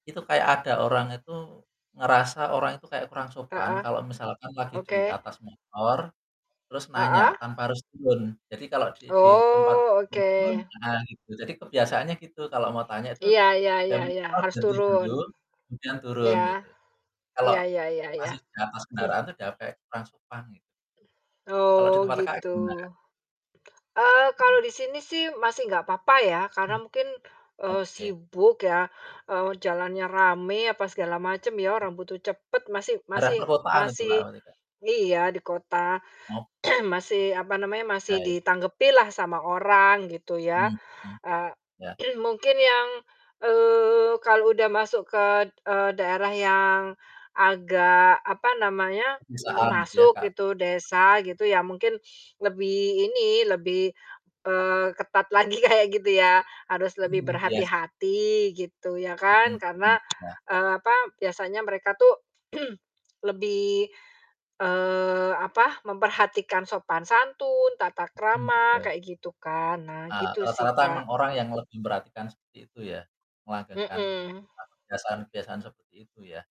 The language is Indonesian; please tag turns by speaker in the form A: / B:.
A: Itu kayak ada orang itu, ngerasa orang itu kayak kurang sopan,
B: Heeh,
A: kalau misalkan lagi di
B: oke.
A: atas motor, terus nanya,
B: Heeh.
A: tanpa harus turun. Jadi kalau di di tempat
B: Oh, oke.
A: [unintelligible] ah, gitu. Jadi kebiasaannya gitu, kalau mau tanya itu
B: Iya iya iya,
A: [unintelligible]
B: harus
A: jadi
B: turun.
A: belum, kemudian turun
B: Iya.
A: gitu. Kalau
B: Iya iya iya iya.
A: masih di atas kendaraan itu dianggapnya kurang sopan gitu. Kalau di
B: Oh,
A: tempat Kakaknya
B: gitu.
A: gimana?
B: Eee, kalau
A: Hmm.
B: di sini sih masih nggak papa ya, karena
A: Mmm.
B: mungkin, eee,
A: Oke.
B: sibuk ya, eee, jalannya rame, apa segala macem ya.
A: Mmm.
B: Orang butuh cepet masih
A: Daerah
B: masih
A: perkotaan itu
B: masih
A: Kak, berarti Kak?
B: iya, di kota
A: Oh.
B: masih apa namanya,
A: Heeh.
B: masih
A: Baik.
B: ditanggepi lah sama orang gitu ya.
A: Hmm,
B: Eee,
A: iya.
B: mungkin yang, eee, kalau udah masuk ke, eee, daerah yang agak, apa namanya,
A: Pisahan gitu ya
B: masuk
A: Kak?
B: gitu, desa gitu, ya mungkin lebih ini, lebih, eee ketat lagi kayak gitu yah. Harus lebih
A: Hmm, iya s
B: berhati-hati gitu, ya
A: Hmm,
B: kan.
A: mmm,
B: Karena,
A: iya.
B: eee, apa, biasanya mereka tuh, lebih, eee, apa, memperhatikan sopan santun, tata
A: Hmm,
B: krama
A: betul.
B: kayak gitu kan. Nah,
A: Heeh,
B: gitu sih
A: rata-rata emang
B: Kak.
A: orang yang lebih merhatikan seperti itu ya, melanggengkan,
B: Hmm.
A: eee, kebiasaan-kebiasaan seperti itu ya.